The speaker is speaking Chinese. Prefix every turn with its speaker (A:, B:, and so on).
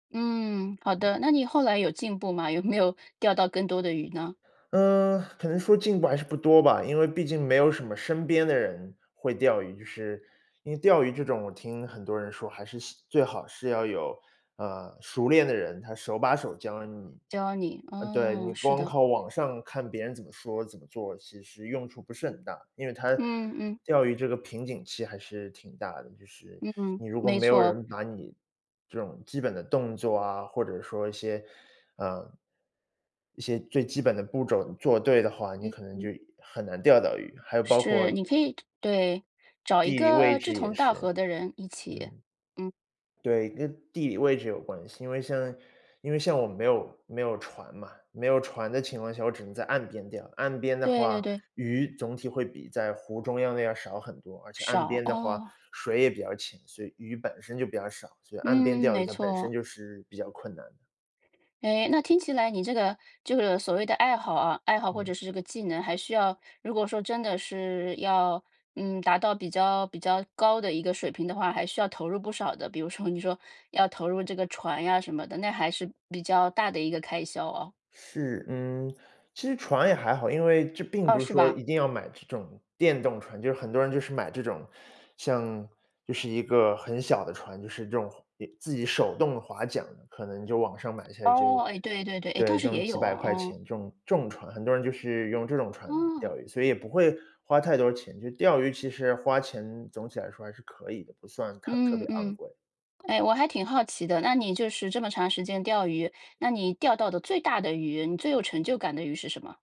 A: 嗯，好的，那你后来有进步吗？有没有钓到更多的鱼呢？
B: 嗯，可能说进步还是不多吧，因为毕竟没有什么身边的人会钓鱼，就是因为钓鱼这种我听很多人说，还是希最好是要有，呃，熟练的人，他手把手教你。
A: 教你，
B: 呃，对，
A: 嗯，
B: 你
A: 是
B: 光
A: 的。
B: 靠网上看别人怎么说、怎么做，其实用处不是很大，因为他
A: 嗯嗯。
B: 钓鱼这个瓶颈期还是挺大的，就是
A: 嗯，
B: 你如果
A: 没
B: 没有
A: 错。
B: 人把你这种基本的动作啊，或者说一些嗯。一些最基本的步骤做对的话，你
A: 嗯，
B: 可能就
A: 嗯。
B: 很难钓到鱼，还有包括
A: 是，你可以对，找一
B: 地理位
A: 个志
B: 置也
A: 同道
B: 是。
A: 合的人一起。
B: 嗯。
A: 嗯。
B: 对，跟地理位置有关系。因为像因为像我没有没有船嘛，没有船的情况下，我只能在岸边钓，岸边的
A: 对对
B: 话，
A: 对。
B: 鱼总体会比在湖中央的要少很多，而且岸
A: 少，
B: 边的话，
A: 哦。
B: 水也比较浅，所以鱼本身就比较少，所以岸边
A: 嗯，
B: 钓
A: 没
B: 鱼它本身
A: 错。
B: 就是比较困难的。
A: 诶，那听起来你这个就是所谓的爱好啊，爱好或者
B: 嗯。
A: 是这个技能，还需要如果说真的是要，嗯，达到比较比较高的一个水平的话，还需要投入不少的。比如说你说要投入这个船呀什么的，那还是比较大的一个开销哦。
B: 是。嗯，其实船也还好，因为这并
A: 哦，
B: 不是
A: 是
B: 说
A: 吧。
B: 一定要买这种电动船，就很多人就是买这种，像就是一个很小的船，就是这种划自己手动划桨，可能就网上买一下就
A: 哦，哎，对对对，唉，倒
B: 对，这
A: 是
B: 种
A: 也
B: 几
A: 有
B: 百
A: 哦，
B: 块
A: 哦。
B: 钱，这种这种船，很多人就是用这种船
A: 哦。
B: 钓鱼。所以也不会花太多钱，就钓鱼其实花钱总体来说还是可以的，不算太特
A: 嗯
B: 别昂
A: 嗯，
B: 贵。
A: 哎，我还挺好奇的，那你就是这么长时间钓鱼，那你钓到的最大的鱼，你最有成就感的鱼是什么？